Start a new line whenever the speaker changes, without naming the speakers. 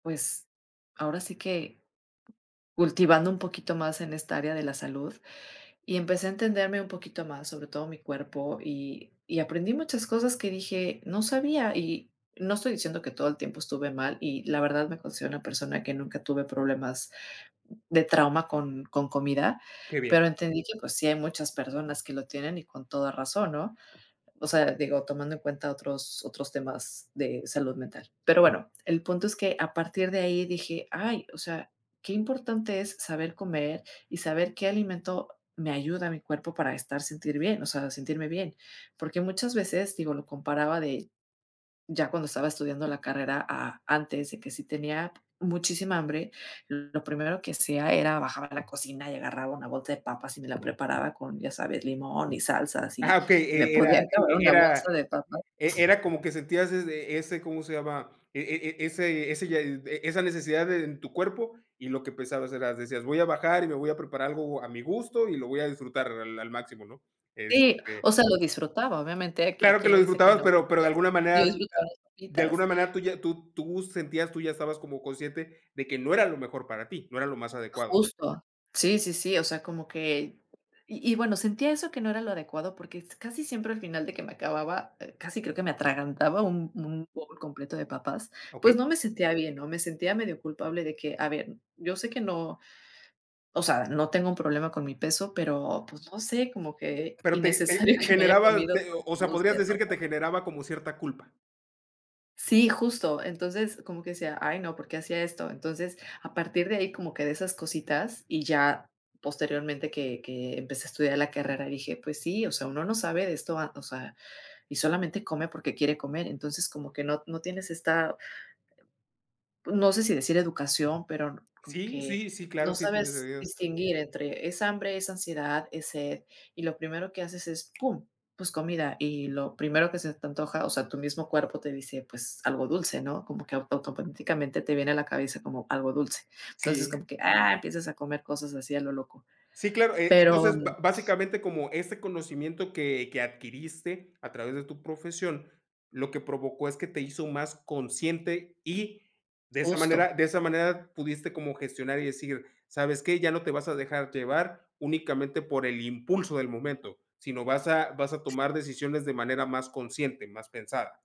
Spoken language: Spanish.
Pues, ahora sí que cultivando un poquito más en esta área de la salud, y empecé a entenderme un poquito más, sobre todo mi cuerpo, y y aprendí muchas cosas que dije: "No sabía", y no estoy diciendo que todo el tiempo estuve mal y, la verdad, me considero una persona que nunca tuve problemas de trauma con con comida,
Qué bien.
pero entendí que, pues, sí hay muchas personas que lo tienen y con toda razón, ¿no? O sea, digo, tomando en cuenta otros otros temas de salud mental. Pero bueno, el punto es que a partir de ahí dije: "Ay, o sea, qué importante es saber comer, y saber qué alimento me ayuda a mi cuerpo para estar sentir bien, o sea, sentirme bien", porque muchas veces, digo, lo comparaba de ya cuando estaba estudiando la carrera a antes, de que si tenía muchísima hambre, lo primero que hacía era bajar a la cocina y agarraba una bolsa de papas, y me la preparaba con, ya sabes, limón y salsas,
Ajá,
y
okey,
me
e e
podía
era
acabar
e
una bolsa
era
de papas.
e era como que sentías es e ese, ¿cómo se llama? E e ese ese ya e esa necesidad en tu cuerpo, y lo que pensabas era decías: "Voy a bajar y me voy a preparar algo a mi gusto y lo voy a disfrutar al al máximo", ¿no?
Sí,
Este
o sea, lo disfrutaba, obviamente, ¿a que
claro que
quién
lo
le dice que
disfrutabas,
no?
pero pero de alguna
Yo
manera
disfrutaba mis
de
papitas.
alguna manera tú ya tú tú sentías tú ya estabas como consciente de que no era lo mejor para ti, no era lo más adecuado.
Justo. Sí, sí, sí, o sea, como que. Y y, bueno, sentía eso que no era lo adecuado, porque s casi siempre al final de que me acababa casi creo que me atragantaba un un bowl completo de papas, pues,
Okey.
no me sentía bien, ¿no? Me sentía medio culpable de que, a ver, yo sé que no, o sea, no tengo un problema con mi peso, pero, pues, no sé, como que
Pero te te
innecesario que me haya
generaba,
comido
te
toda
o
una
sea,
bolsa
podrías
de
decir que
papas.
te generaba como cierta culpa.
Sí, justo. Entonces, como que decía: "Ay, no, ¿por qué hacía esto?" Entonces, a partir de ahí, como que de esas cositas, y ya posteriormente que que empecé a estudiar la carrera, dije: "Pues sí, o sea, uno no sabe de esto, a o sea, y solamente come porque quiere comer". Entonces como que no no tienes esta no sé si decir educación, pero n como
Sí,
que
sí, sí,
no
claro, sí tienes
sabes
sentido.
distinguir entre, es hambre, es ansiedad, es sed, y lo primero que haces es, pum, pues, comida. Y lo primero que se te antoja, o sea, tu mismo cuerpo te dice: "Pues, algo dulce, ¿no?". Como que auto automáticamente te viene a la cabeza como algo dulce.
Sí.
Como que, ah, empiezas a comer cosas así a lo loco.
Sí, claro, e
Pero
entonces, ba básicamente, como ese conocimiento que que adquiriste a través de tu profesión, lo que provocó es que te hizo más consciente, y, de esa
Justo.
manera de esa manera pudiste como gestionar, y decir: "¿Sabes qué? Ya no te vas a dejar llevar únicamente por el impulso del momento, sino vas a vas a tomar decisiones de manera más consciente, más pensada".